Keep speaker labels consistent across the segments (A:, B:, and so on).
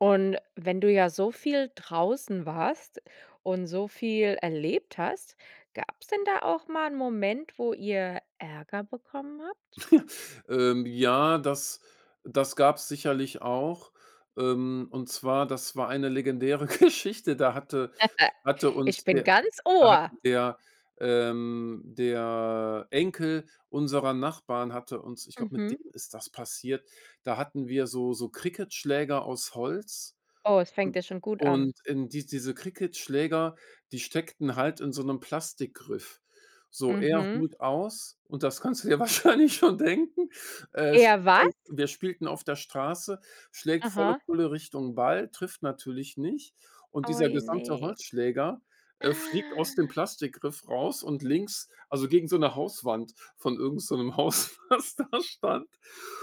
A: Und wenn du ja so viel draußen warst und so viel erlebt hast, gab's denn da auch mal 'n Moment, wo ihr Ärger bekommen habt?
B: Ähm, ja, das das gab's sicherlich auch. Ähm, und zwar, das war eine legendäre Geschichte. Da hatte hatte
A: Ich
B: uns
A: bin
B: der
A: ganz
B: da hat
A: Ohr.
B: der, ähm der Enkel unserer Nachbarn hatte uns ich glaube, mit
A: Mhm.
B: dem ist das passiert. Da hatten wir so so Cricketschläger aus Holz.
A: Oh, es fängt
B: Und
A: ja schon gut an.
B: und, ähm, die diese Cricketschläger, die steckten halt in so 'nem Plastikgriff. So, er
A: Mhm.
B: holt aus, und das kannst du dir wahrscheinlich schon denken. Er
A: Er
B: schlägt
A: was?
B: voll und wir spielten auf der Straße, schlägt volle
A: Aha.
B: Pulle Richtung Ball, trifft natürlich nicht. Und
A: Oh,
B: dieser gesamte
A: ne?
B: Holzschläger, äh, fliegt aus dem Plastikgriff raus und links, also, gegen so 'ne Hauswand von irgend so 'nem Haus, was da stand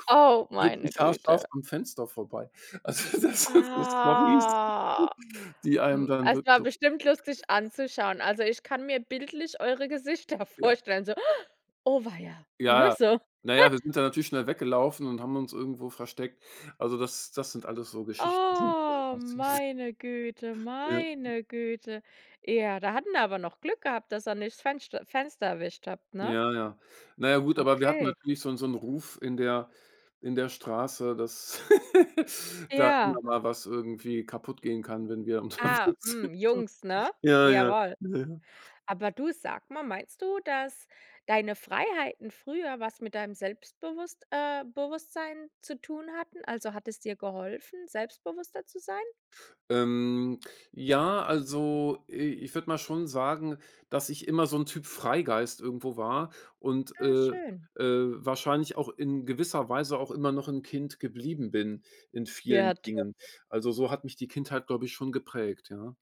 A: Oh,
B: wirklich
A: meine
B: haarscharf
A: Güte.
B: am Fenster vorbei. Also, das sind so Stories,
A: Ah.
B: die einem
A: Hm,
B: dann
A: es
B: wird
A: war
B: so
A: bestimmt lustig anzuschauen. Also, ich kann mir bildlich eure Gesichter
B: Ja.
A: vorstellen, so. Oh weia
B: Ja,
A: ne,
B: ja.
A: so.
B: Na ja, wir sind da natürlich schnell weggelaufen und haben uns irgendwo versteckt. Also, das das sind alles so Geschichten, die da
A: Oh,
B: passiert sind.
A: meine Güte,
B: Ja.
A: meine Güte. Ja, da hatten wir aber noch Glück gehabt, dass er nicht Fenscht Fenster erwischt habt, ne?
B: Ja, ja. Na ja, gut, aber wir hatten
A: Okay.
B: natürlich so 'n so 'n Ruf in der in der Straße, dass da
A: Ja.
B: immer mal was irgendwie kaputtgehen kann, wenn wir
A: Ah,
B: unterwegs sind
A: hm,
B: so.
A: Jungs, ne?
B: Ja, ja,
A: Jawoll.
B: ja.
A: Aber du, sage mal, meinst du, dass deine Freiheiten früher was mit deinem Selbstbewusst äh, Bewusstsein zu tun hatten? Also, hat es dir geholfen, selbstbewusster zu sein?
B: Ähm, ja, also, i ich würde mal schon sagen, dass ich immer so 'n Typ Freigeist irgendwo war und,
A: Ah,
B: äh,
A: schön.
B: äh, wahrscheinlich auch in gewisser Weise auch immer noch 'n Kind geblieben bin in vielen
A: Ja,
B: Dingen.
A: toll.
B: Also, so hat mich die Kindheit, glaube ich, schon geprägt, ja.